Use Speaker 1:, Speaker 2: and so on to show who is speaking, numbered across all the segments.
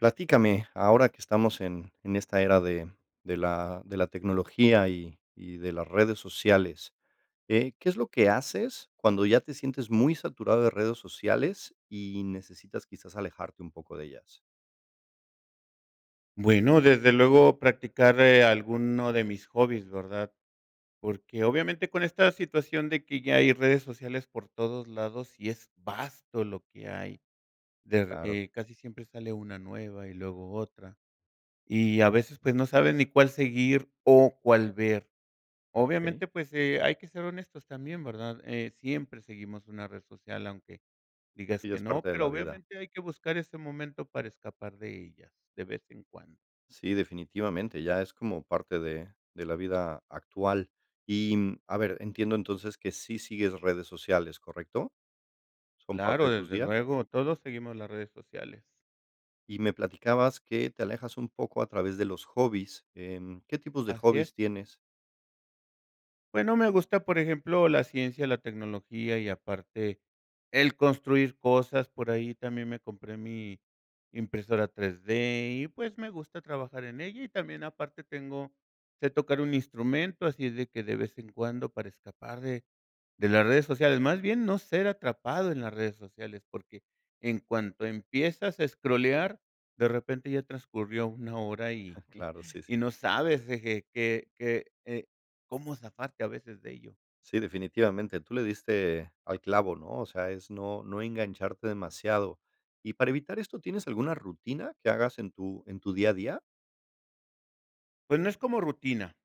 Speaker 1: Platícame, ahora que estamos en en esta era de de la de la tecnología y y de las redes sociales, eh, ¿qué es lo que haces cuando ya te sientes muy saturado de redes sociales y necesitas, quizás, alejarte un poco de ellas?
Speaker 2: Bueno, desde luego practicar, eh, alguno de mis hobbies, ¿verdad?, porque, obviamente, con esta situación de que ya hay redes sociales por todos lados, sí es vasto lo que hay, de,
Speaker 1: Claro.
Speaker 2: eh, casi siempre sale una nueva y luego otra. Y a veces, pues, no saben ni cuál seguir o cuál ver.
Speaker 1: Okey.
Speaker 2: Obviamente, pues, eh, hay que ser honestos también, ¿verdad?, eh, siempre seguimos una red social aunque digas
Speaker 1: Sí, ya
Speaker 2: que
Speaker 1: es
Speaker 2: no,
Speaker 1: parte de
Speaker 2: pero
Speaker 1: la vida.
Speaker 2: obviamente, hay que buscar ese momento para escapar de ellas de vez en cuando.
Speaker 1: Sí, definitivamente, ya es como parte de de la vida actual. Y, mm, a ver, entiendo, entonces, que sí sigues redes sociales, ¿correcto? ¿Son parte
Speaker 2: Claro,
Speaker 1: de tus
Speaker 2: desde
Speaker 1: días?
Speaker 2: luego, todos seguimos las redes sociales.
Speaker 1: Y me platicabas que te alejas un poco a través de los hobbies, em, ¿Qué tipos de
Speaker 2: Así es.
Speaker 1: hobbies tienes?
Speaker 2: Bueno, me gusta, por ejemplo, la ciencia, la tecnología y, aparte, el construir cosas. Por ahí, también me compré mi impresora 3D, y pues, me gusta trabajar en ella. Y también, aparte, tengo sé tocar un instrumento, así de que, de vez en cuando, para escapar de, de las redes sociales, más bien, no ser atrapado en las redes sociales, porque, en cuanto empiezas a escrolear, de repente ya transcurrió una hora y,
Speaker 1: Claro, sí,
Speaker 2: y
Speaker 1: sí.
Speaker 2: no sabes qué, que eh, cómo zafarte a veces de ello.
Speaker 1: Sí, definitivamente tú le diste, al clavo, ¿no? O sea, es no, no engancharte demasiado. Y para evitar esto, ¿tienes alguna rutina que hagas en tu, en tu día a día?
Speaker 2: Pues, no es como rutina,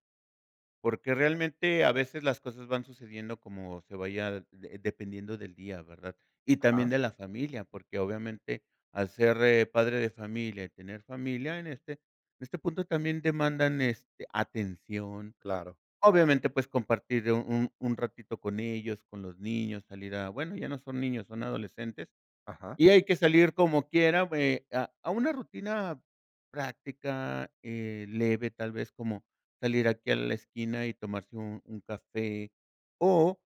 Speaker 2: porque realmente, a veces las cosas van sucediendo como se vaya de dependiendo del día, ¿verdad? Y también
Speaker 1: Ajá.
Speaker 2: de la familia, porque, obviamente al ser, eh, padre de familia, y tener familia en este, en este punto también demandan este, atención.
Speaker 1: Claro.
Speaker 2: Obviamente, pues, compartir un un ratito con ellos, con los niños, salir a, bueno, ya no son niños, son adolescentes.
Speaker 1: Ajá.
Speaker 2: Y hay que salir como quiera, bueno, a a una rutina práctica, eh, leve, tal vez, como, salir aquí a la esquina y tomarse un un café, o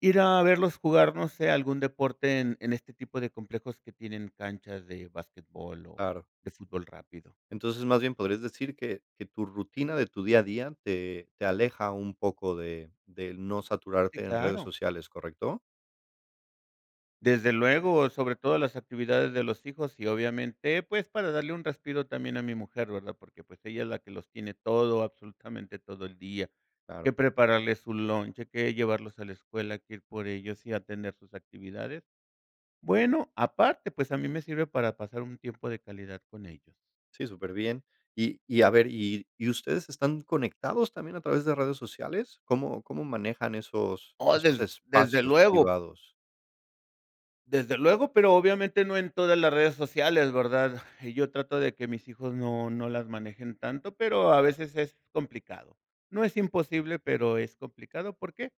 Speaker 2: ir a verlos jugar, no sé, algún deporte en, en este tipo de complejos que tienen canchas de basquetbol, o
Speaker 1: Claro.
Speaker 2: de fútbol rápido.
Speaker 1: Entonces, más bien podrías decir que que tu rutina de tu día a día te te aleja un poco de de no
Speaker 2: Sí,
Speaker 1: saturarte en redes
Speaker 2: claro.
Speaker 1: sociales, ¿correcto?
Speaker 2: Desde luego, sobre todo las actividades de los hijos, y obviamente, pues, para darle un respiro también a mi mujer, ¿verdad? Porque, pues, ella es la que los tiene todo, absolutamente todo el día.
Speaker 1: Claro.
Speaker 2: Que prepararles su lunch, que llevarlos a la escuela, que ir por ellos y a tener sus actividades. Bueno, aparte, pues, a mí me sirve para pasar un tiempo de calidad con ellos.
Speaker 1: Sí, superbién. Y y a ver, ¿y y ustedes están conectados también a través de redes sociales? ¿Cómo, cómo manejan esos,
Speaker 2: Oh,
Speaker 1: esos
Speaker 2: desde, desde
Speaker 1: espacios
Speaker 2: luego.
Speaker 1: privados?
Speaker 2: Desde luego, pero obviamente no en todas las redes sociales, ¿verdad? Yo trato de que mis hijos no, no las manejen tanto, pero a veces es complicado. No es imposible, pero es complicado, ¿por qué?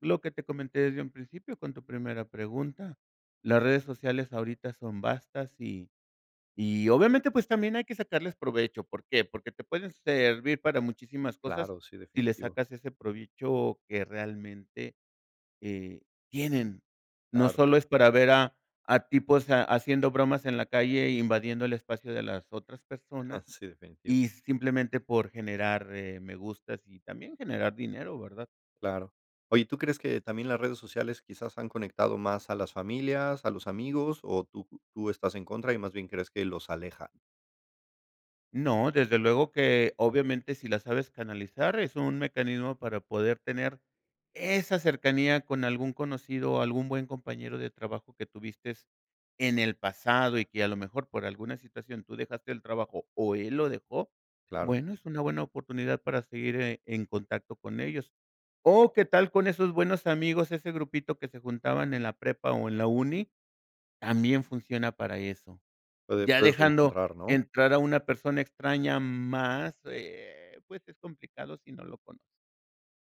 Speaker 2: Lo que te comenté desde un principio con tu primera pregunta. Las redes sociales ahorita son vastas, y, y obviamente, pues, también hay que sacarles provecho, ¿por qué? Porque te pueden servir para muchísimas cosas,
Speaker 1: Claro, sí,
Speaker 2: si le
Speaker 1: definitivo.
Speaker 2: sacas ese provecho que realmente, eh, tienen. No
Speaker 1: Claro.
Speaker 2: solo es para ver a a tipos haciendo bromas en la calle, invadiendo el espacio de las otras personas,
Speaker 1: Sí, definitivo.
Speaker 2: y simplemente por generar, eh, me gustas y también generar dinero, ¿verdad?
Speaker 1: Claro. Oye, ¿y tú crees que también las redes sociales quizás han conectado más a las familias, a los amigos, o tú tú estás en contra y más bien crees que los aleja?
Speaker 2: No, desde luego que, obviamente, si la sabes canalizar, es un mecanismo para poder tener esa cercanía con algún conocido o algún buen compañero de trabajo que tuviste en el pasado, y que a lo mejor por alguna situación tú dejaste el trabajo o él lo dejó.
Speaker 1: Claro.
Speaker 2: Bueno, es una buena oportunidad para seguir, eh, en contacto con ellos. O, ¿qué tal con esos buenos amigos, ese grupito que se juntaban en la prepa o en la uni? También funciona para eso.
Speaker 1: Puede
Speaker 2: Ya
Speaker 1: puedes
Speaker 2: dejando
Speaker 1: reencontrar, ¿no?
Speaker 2: entrar a una persona extraña más, eh, pues, es complicado si no lo conoces.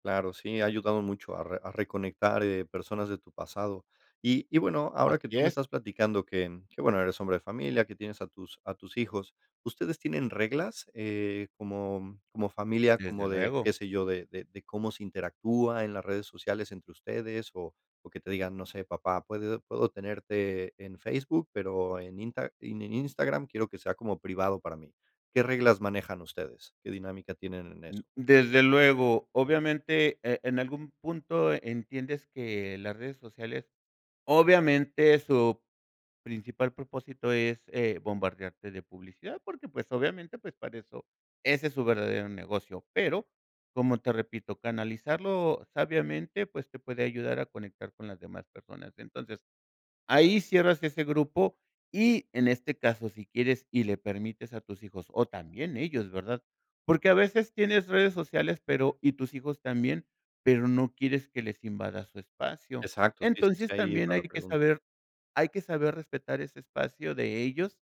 Speaker 1: Claro, sí, ha ayudado mucho a re a reconectar, eh, personas de tu pasado. Y y bueno, ahora que
Speaker 2: Así
Speaker 1: tú me
Speaker 2: es.
Speaker 1: estás platicando que que bueno eres hombre de familia, que tienes a tus a tus hijos, ¿ustedes tienen reglas?, eh, como como familia,
Speaker 2: Desde
Speaker 1: como de,
Speaker 2: luego.
Speaker 1: qué sé yo, de de de cómo se interactúa en las redes sociales entre ustedes o o que te digan: "No sé, papá, puede puedo tenerte en Facebook, pero en Insta en Instagram quiero que sea como privado para mí, ¿qué reglas manejan ustedes? ¿Qué dinámica tienen en
Speaker 2: Mm,
Speaker 1: eso?
Speaker 2: desde luego, obviamente, eh, en algún punto entiendes que las redes sociales, obviamente, su principal propósito es, eh, bombardearte de publicidad, porque, pues, obviamente, pues, para eso, ese es su verdadero negocio. Pero, como te repito, canalizarlo sabiamente, pues te puede ayudar a conectar con las demás personas. Entonces, ahí cierras ese grupo y en este caso, si quieres y le permites a tus hijos, o también ellos, ¿verdad?, porque a veces tienes redes sociales, pero y tus hijos también, pero no quieres que les invada su espacio.
Speaker 1: Exacto, sí, sí, sí,
Speaker 2: Entonces,
Speaker 1: ahí
Speaker 2: también
Speaker 1: va
Speaker 2: hay
Speaker 1: la
Speaker 2: que
Speaker 1: pregunta.
Speaker 2: saber hay que saber respetar ese espacio de ellos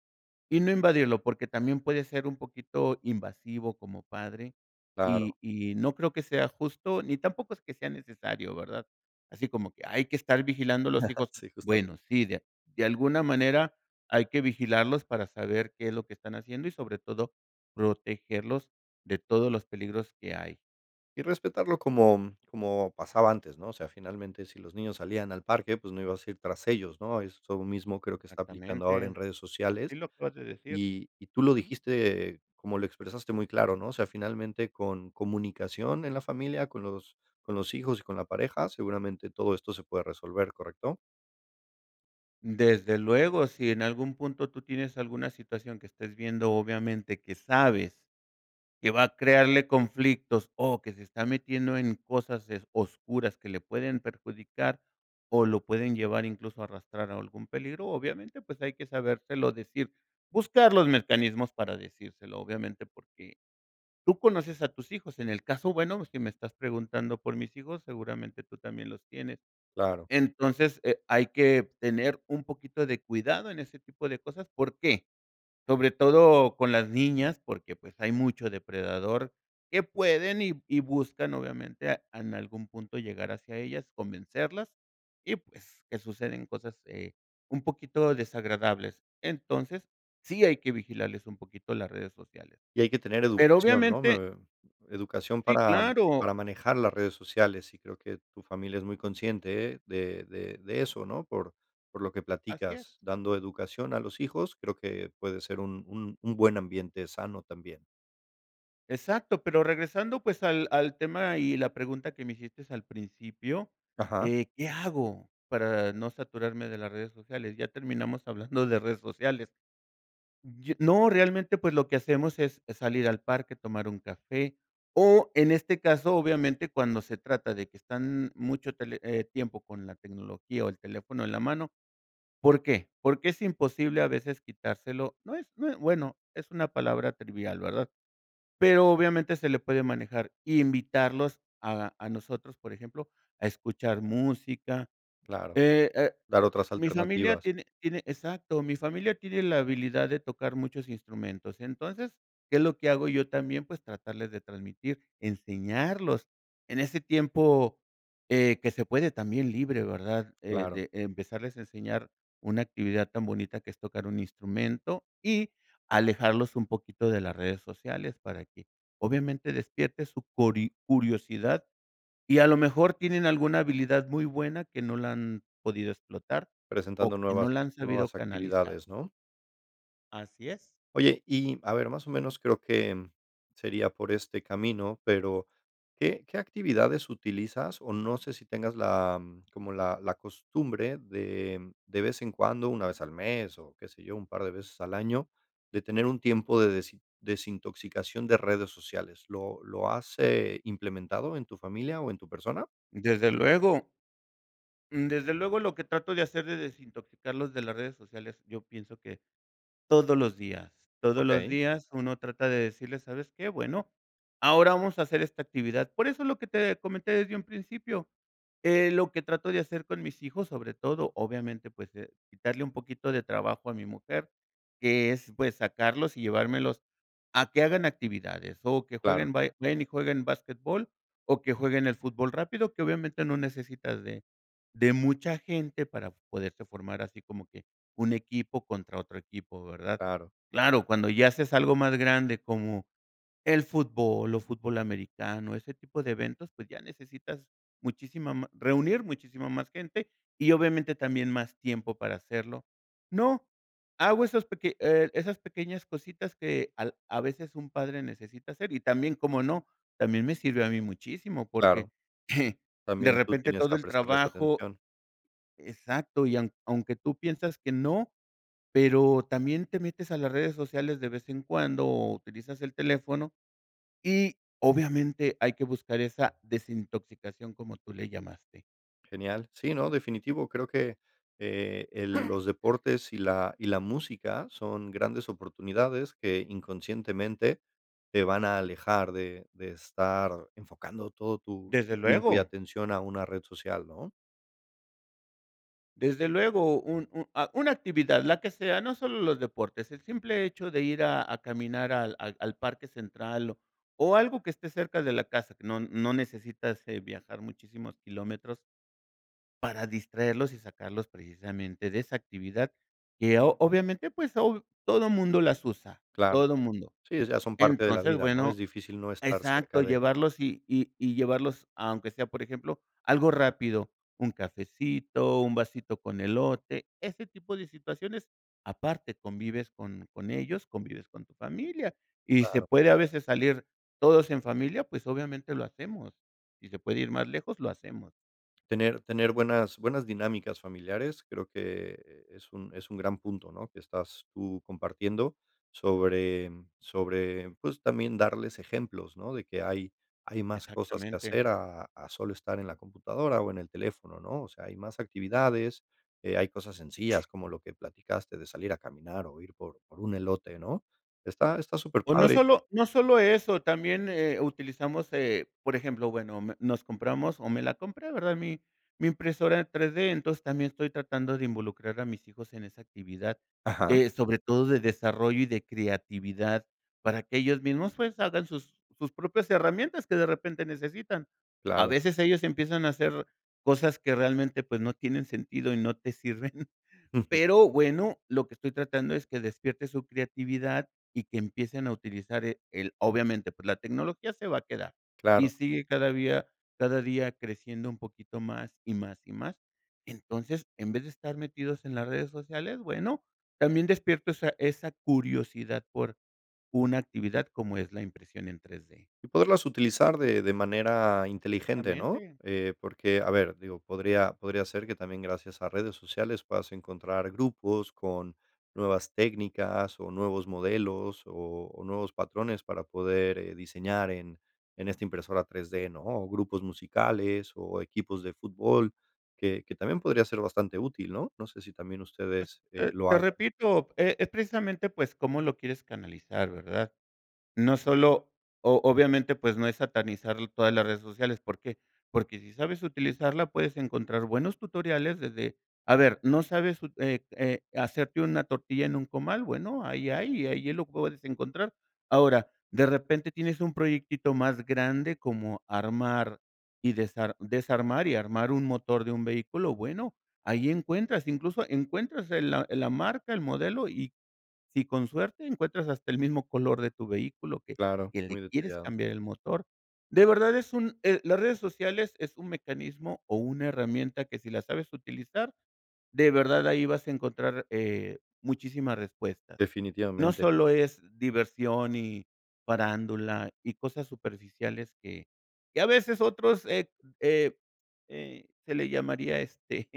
Speaker 2: y no invadirlo, porque también puede ser un poquito invasivo como padre,
Speaker 1: Claro.
Speaker 2: y y no creo que sea justo, ni tampoco es que sea necesario, ¿verdad?, así como que hay que estar vigilando a los hijos.
Speaker 1: Sí,
Speaker 2: Bueno,
Speaker 1: justamente.
Speaker 2: sí, de a de alguna manera hay que vigilarlos para saber qué es lo que están haciendo, y sobre todo protegerlos de todos los peligros que hay.
Speaker 1: Y respetarlo como como pasaba antes, ¿no?, o sea, finalmente, si los niños salían al parque, pues no ibas a ir tras ellos, ¿no? Eso mismo creo que está aplicando ahora en
Speaker 2: Exactamente,
Speaker 1: redes
Speaker 2: así
Speaker 1: sociales.
Speaker 2: lo acabas de decir.
Speaker 1: Y y tú lo
Speaker 2: Ujú.
Speaker 1: dijiste, como lo expresaste muy claro, ¿no?, o sea, finalmente con comunicación en la familia, con los con los hijos y con la pareja, seguramente todo esto se puede resolver, ¿correcto?
Speaker 2: Desde luego, si en algún punto tú tienes alguna situación que estés viendo, obviamente, que sabes que va a crearle conflictos o que se está metiendo en cosas, eh, oscuras que le pueden perjudicar o lo pueden llevar incluso arrastrar a algún peligro, obviamente, pues, hay que sabérselo decir, buscar los mecanismos para decírselo, obviamente, porque tú conoces a tus hijos. En el caso, bueno, si me estás preguntando por mis hijos, seguramente tú también los tienes.
Speaker 1: Claro.
Speaker 2: Entonces, eh, hay que tener un poquito de cuidado en ese tipo de cosas. ¿Por qué? Sobre todo con las niñas, porque, pues, hay mucho depredador que pueden y y buscan, obviamente, a en algún punto llegar hacia ellas, convencerlas y, pues, que suceden cosas, eh, un poquito desagradables. Entonces, sí hay que vigilarles un poquito las redes sociales.
Speaker 1: Y hay que tener
Speaker 2: Pero
Speaker 1: educación, ¿no? Mm,
Speaker 2: obviamente
Speaker 1: eh, educación
Speaker 2: Sí,
Speaker 1: para
Speaker 2: claro.
Speaker 1: para manejar las redes sociales, y creo que tu familia es muy consciente de de de eso, ¿no? Por por lo que
Speaker 2: Así es.
Speaker 1: platicas, dando educación a los hijos, creo que puede ser un un un buen ambiente sano también.
Speaker 2: Exacto, pero regresando, pues, al al tema y la pregunta que me hiciste al principio,
Speaker 1: Ajá.
Speaker 2: eh, ¿qué hago para no saturarme de las redes sociales? Ya terminamos hablando de redes sociales. Yo no, realmente, pues, lo que hacemos es salir al parque, tomar un café, o en este caso, obviamente, cuando se trata de que están mucho tele tiempo con la tecnología o el teléfono en la mano, ¿por qué? Porque es imposible a veces quitárselo. No es no es, bueno, es una palabra trivial, ¿verdad? Pero, obviamente, se le puede manejar invitarlos a a nosotros, por ejemplo, a escuchar música.
Speaker 1: Claro,
Speaker 2: eh eh,
Speaker 1: dar otras
Speaker 2: mi familia
Speaker 1: alternativas.
Speaker 2: tiene tiene, exacto, mi familia tiene la habilidad de tocar muchos instrumentos. Entonces, ¿qué es lo que hago yo también? Pues, tratarles de transmitir, enseñarlos. En ese tiempo, eh, que se puede también libre, ¿verdad? Eh,
Speaker 1: Claro.
Speaker 2: de empezarles a enseñar una actividad tan bonita que es tocar un instrumento y alejarlos un poquito de las redes sociales para que, obviamente, despierte su cori curiosidad, y a lo mejor tienen alguna habilidad muy buena que no la han podido explotar
Speaker 1: Presentando
Speaker 2: o que
Speaker 1: nuevas
Speaker 2: no la han sabido
Speaker 1: nuevas
Speaker 2: canalizar.
Speaker 1: actividades, ¿no?
Speaker 2: Así es.
Speaker 1: Oye, y a ver, más o menos, creo que sería por este camino, pero ¿qué qué actividades utilizas? O, no sé si tengas la como la la costumbre de de vez en cuando, 1 vez al mes, o qué sé yo, un par de veces al año, de tener un tiempo de desi desintoxicación de redes sociales. ¿Lo lo has, eh, implementado en tu familia o persona?
Speaker 2: Desde luego. Desde luego, lo que trato de hacer de desintoxicarlos de las redes sociales, yo pienso que todos los días, todos los
Speaker 1: Okey.
Speaker 2: días uno trata de decirles: "¿Sabes qué? Bueno, ahora vamos a hacer esta actividad". Por eso lo que te comenté desde un principio. Eh, lo que trato de hacer con mis hijos, sobre todo, obviamente, pues, de quitarle un poquito de trabajo a mi mujer, que es, pues, sacarlos y llevármelos a que hagan actividades, o que
Speaker 1: Claro.
Speaker 2: jueguen ba y ven que jueguen basquetbol, o que jueguen el fútbol rápido, que, obviamente, no necesitas de de mucha gente para poderse formar así como que un equipo contra otro equipo, ¿verdad?
Speaker 1: Claro.
Speaker 2: Claro, cuando ya haces algo más grande, como el fútbol o fútbol americano, ese tipo de eventos, pues ya necesitas muchísima ma reunir muchísima más gente, y obviamente, también más tiempo para hacerlo. No, hago esos peque eh, esas pequeñas cositas que al a veces un padre necesita hacer y también, ¿cómo no?, también me sirve a mí muchísimo, porque,
Speaker 1: Claro.
Speaker 2: de
Speaker 1: También tú
Speaker 2: repente
Speaker 1: tenías
Speaker 2: todo
Speaker 1: que
Speaker 2: el
Speaker 1: prestarles
Speaker 2: trabajo
Speaker 1: atención.
Speaker 2: exacto, y a aunque tú piensas que no, pero también te metes a las redes sociales de vez en cuando, o utilizas el teléfono y obviamente hay que buscar esa desintoxicación como tú le llamaste.
Speaker 1: Genial. Sí, no. Definitivo. Creo que, eh, el los deportes y la y la música son grandes oportunidades que inconscientemente te van a alejar de de estar enfocando todo tu
Speaker 2: ¡Desde
Speaker 1: tu tiempo y
Speaker 2: luego!
Speaker 1: atención a una red social, ¿no?
Speaker 2: Desde luego, un un ah, una actividad, la que sea, no solo los deportes, el simple hecho de ir a a caminar al al al parque central o o algo que esté cerca de la casa, no no necesitas, eh, viajar muchísimos kilómetros para distraerlos y sacarlos precisamente de esa actividad que o-obviamente, pues hoy todo mundo las usa,
Speaker 1: Claro,
Speaker 2: todo mundo.
Speaker 1: sí, o sea, son parte de la
Speaker 2: Entonces,
Speaker 1: vida, ¿no?, es
Speaker 2: bueno
Speaker 1: difícil no estar cerca
Speaker 2: exacto,
Speaker 1: de.
Speaker 2: llevarlos y y y llevarlos aunque sea, por ejemplo, algo rápido, un cafecito, un vasito con elote, ese tipo de situaciones, aparte convives con con ellos, convives con tu familia, y se
Speaker 1: Claro.
Speaker 2: puede a veces salir todos en familia, pues, obviamente lo hacemos, si se puede ir más lejos, lo hacemos.
Speaker 1: Tener tener buenas buenas dinámicas familiares, creo que es un es un gran punto, ¿no?, que estás tú compartiendo sobre sobre, pues, también darles ejemplos, ¿no?, de que hay hay más cosas que
Speaker 2: Exactamente.
Speaker 1: hacer a a solo estar en la computadora o en el teléfono, ¿no?, o sea, hay más actividades, eh, hay cosas sencillas, como lo que platicaste de salir a caminar o ir por por un elote, ¿no?, está está súper
Speaker 2: O no
Speaker 1: padre.
Speaker 2: solo no solo eso, también, eh, utilizamos, eh, por ejemplo, bueno me, nos compramos o me la compré, ¿verdad?, mi mi impresora en 3D, entonces también estoy tratando de involucrar a mis hijos en esa actividad
Speaker 1: Ajá.
Speaker 2: de sobre todo de desarrollo y de creatividad, para que ellos mismos, pues, hagan sus sus propias herramientas que de repente necesitan, a
Speaker 1: Claro.
Speaker 2: veces ellos empiezan a hacer cosas que realmente, pues, no tienen sentido y no te sirven,
Speaker 1: Ujú.
Speaker 2: pero bueno, lo que estoy tratando es que despiertes su creatividad y que empiecen a utilizar, eh, el obviamente, pues, la tecnología se va a quedar, y
Speaker 1: Claro.
Speaker 2: sigue cada día cada día creciendo un poquito más, y más, y más, entonces, en vez de estar metidos en las redes sociales, bueno, también despierto esa esa curiosidad por una actividad como es la impresión en 3D.
Speaker 1: Y poderlas utilizar de de manera inteligente, ¿no?,
Speaker 2: Exactamente.
Speaker 1: eh, porque, a ver, digo, podría podría ser que también, gracias a redes sociales puedas encontrar grupos con nuevas técnicas, o nuevos modelos, o o nuevos patrones para poder, eh, diseñar en en esta impresora 3 D, ¿no?, o grupos musicales, o equipos de fútbol, que que también podría ser bastante útil, ¿no?, no sé si también
Speaker 2: Pues,
Speaker 1: ustedes, eh,
Speaker 2: eh,
Speaker 1: lo
Speaker 2: te
Speaker 1: hagan.
Speaker 2: repito, e-es precisamente, pues, cómo lo quieres canalizar, ¿verdad?, no solo, o-obviamente, pues, no es satanizar todas las redes sociales, ¿por qué?, porque si sabes utilizarla puedes encontrar buenos tutoriales desde a ver, ¿no sabes, eh, eh, hacerte una tortilla en un comal?, bueno, ahí hay, ahí lo puedes encontrar, ahora, de repente tienes un proyectito más grande como armar y desar desarmar y armar un motor de un vehículo, bueno, ahí encuentras, incluso encuentras el la la marca, el modelo, y si con suerte encuentras hasta el mismo color de tu vehículo que
Speaker 1: Claro,
Speaker 2: que le
Speaker 1: muy
Speaker 2: quieres
Speaker 1: detallado.
Speaker 2: cambiar el motor, de verdad es un, eh, las redes sociales es un mecanismo o una herramienta que si la sabes utilizar de verdad ahí vas a encontrar, eh, muchísimas respuestas, no
Speaker 1: Definitivamente.
Speaker 2: solo es diversión y farándula y cosas superficiales que que a veces otros, eh eh eh, se le llamaría, este,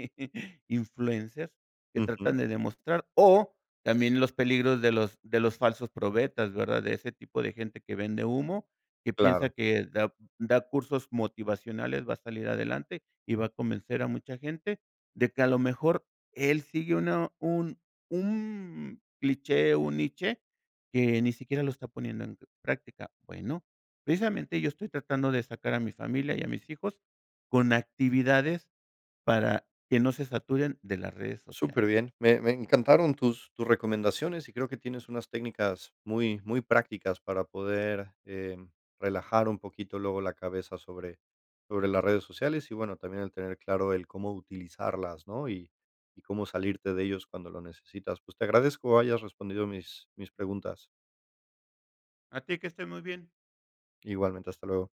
Speaker 2: influencers que
Speaker 1: Ujú.
Speaker 2: tratan de demostrar o también los peligros de los de los falsos profetas, ¿verdad?, de ese tipo de gente que vende humo, que piensa
Speaker 1: Claro.
Speaker 2: que da da cursos motivacionales, va a salir adelante y va a convencer a mucha gente de que, a lo mejor, él sigue una un un cliché, un niche, que ni siquiera lo está poniendo en práctica, bueno, precisamente yo estoy tratando de sacar a mi familia y a mis hijos con actividades para que no se saturen de las redes sociales.
Speaker 1: Superbién, me me encantaron tus tus recomendaciones y creo que tienes unas técnicas muy muy prácticas para poder, eh, relajar un poquito luego la cabeza sobre sobre las redes sociales, y bueno, también el tener claro el cómo utilizarlas, ¿no?, y y cómo salirte de ellos cuando lo necesitas, pues te agradezco hayas respondido mis mis preguntas.
Speaker 2: A ti, que estés muy bien.
Speaker 1: Igualmente, hasta luego.